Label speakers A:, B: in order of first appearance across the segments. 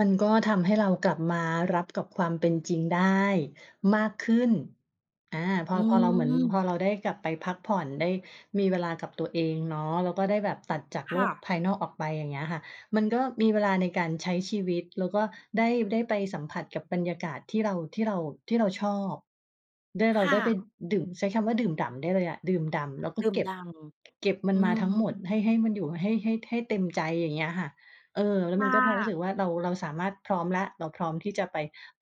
A: มันก็ทำให้เรากลับมารับกับความเป็นจริงได้มากขึ้น อา พ
B: อ
A: อ
B: ื
A: พอเราเหมือน พ
B: ม
A: อเราได้กลับไปพักผ่อน ได้มีเวลากับตัวเองเนาะ แล้วก็ได้แบบตัดจาก
B: ค
A: โล
B: ่
A: ก
B: ะ
A: ภายนอกออกไป อย่างเงี้ยค่ะ มันก็มีเวลาในการใช้ชีวิต แล้วก็ได้ ได้ไปสัมผัสกับบรรยากาศที่เรา ที่เรา ที่เราชอบด้วย เร
B: ค
A: า
B: ่
A: ได้ไป
B: ะ
A: ดื่ม ใช้คำว่าดื่มด่ำได้เลยอะ ดื่มด่ำแล้วก็
B: ดื่
A: เ
B: ม
A: ก็
B: ด
A: บ
B: ่
A: เก็บมั
B: ำ อ
A: น
B: ื
A: มา
B: อ
A: ทั้
B: ฮ
A: งหมด
B: ึ
A: ให้ ให้มันอยู่ ให้ ให้ ให้เต็มใจ อย่างเงี้ยค่ะ เออ แล้ว
B: ค
A: มั
B: ่
A: นก็พอรู้ส
B: ะ
A: ึกว่า เรา เราสามารถ พร้อมแล้ว เราพร้อมที่จะไป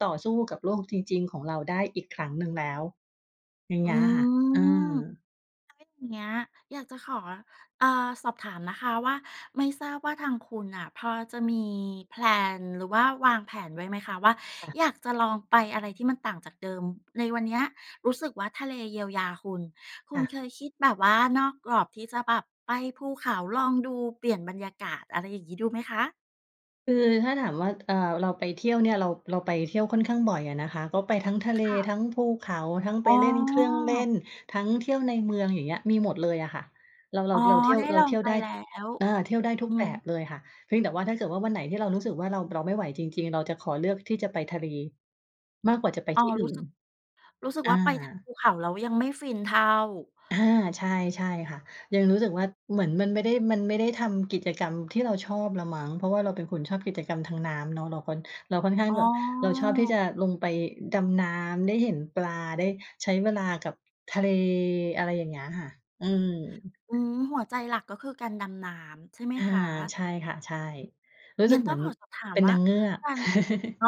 A: ต่อสู้กับโลกจริง ๆ ของเราได้อีกครั้งหนึ่งแล้ว อย่าง
B: อ
A: เ
B: ื
A: งี้ยค่ะ อ
B: ม
A: า
B: ถ้าอย่างเงี้ยอยากจะขอ เอ่อ สอบถามนะคะว่า ไม่ทราบว่าทางคุณน่ะพอจะมี แพลน หรือว่าวางแผนไว้ไหมคะว่า
A: ค่ะ
B: อยากจะลองไปอะไรที่มันต่างจากเดิม ในวันเนี้ยรู้สึกว่าทะเลเยียวยาคุณ คุ
A: ค่
B: ณ
A: ะ
B: เคยคิดแบบว่านอกกรอบที่จะแบบไปภูเขาลองดู เปลี่ยนบรรยากาศ อะไรอย่างงี้ดูไหมคะ?
A: คือถ้าถามว่า เอ่อ เราไปเที่ยวเนี่ย เรา เราไปเที่ยวค่อนข้างบ่อยอะนะคะ ก็ไปทั้งทะเล
B: ค่ะ
A: ทั้งภูเขา ทั้งไ
B: อ
A: ป
B: ๋อ
A: เล่นเครื่องเล่น ทั้งเที่ยวในเมือง อย่างเงี้ย มีหมดเลยอะค่ะ เรา เร
B: อ๋
A: า
B: อ
A: เราเที่ยว
B: ได้
A: เร
B: ล
A: า
B: อ
A: เท
B: ง
A: ี่ยว
B: ไป
A: ได้
B: แล้ว
A: เออ เที่ยวได้ทุ
B: อื
A: กแบบ
B: ม
A: เลยค่ะ เพียงแต่ว่าถ้าเกิดว่าวันไหนที่เรารู้สึกว่าเรา เราไม่ไหวจริง ๆ เราจะขอเลือกที่จะไปทะเลมากกว่าจะไป
B: อ๋อ
A: ที่อื
B: ร
A: ่
B: ู้ส
A: น
B: ึก รู้สึก
A: อ
B: ว่าไป ท
A: า
B: ภูเขา แล้วยังไม่ฟินเท่า
A: อา ใช่ ใช่ค่ะ ยังรู้สึกว่า เหมือนมันไม่ได้ มันไม่ได้ทำกิจกรรมที่เราชอบแล้วมั้ง เพราะว่าเราเป็นคนชอบกิจกรรมทางน้ำเนาะ เราคอน เราค่อนข้า
B: อ
A: ง
B: ๋
A: แบบ เราชอบที่
B: อ
A: จะลงไปดำน้ำ ได้เห็นปลา ได้ใช้เวลากับทะเล อะไรอย่างเงี้ยค่ะ อืม
B: อืม หัวใจหลักก็คือการดำน้ำ ใช่ไหม
A: อา
B: คะ?
A: ใช่ค่ะ ใช่ รู้
B: ง
A: ส
B: ั
A: ึ
B: ้
A: ก
B: น
A: เ
B: ต
A: ห
B: ้
A: ม
B: อ
A: ือ
B: ง
A: น
B: ขอสอบถา
A: เ
B: ม
A: ป็น
B: ว
A: น
B: ่า
A: างเงือก
B: การ อ๋อ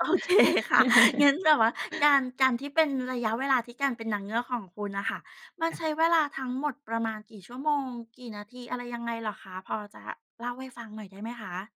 B: โอเคค่ะ งั้นแบบว่าการ การที่เป็น ระยะเวลาที่การเป็นนางเงือกของคุณน่ะค่ะ มัน
A: ค่
B: ใช
A: ะ
B: ้เวลาทั้งหมดประมาณกี่ชั่วโมง กี่นาที อะไรยังไงเหรอคะ? พอจะเล่าให้ฟังหน่อยได้ไหมคะ?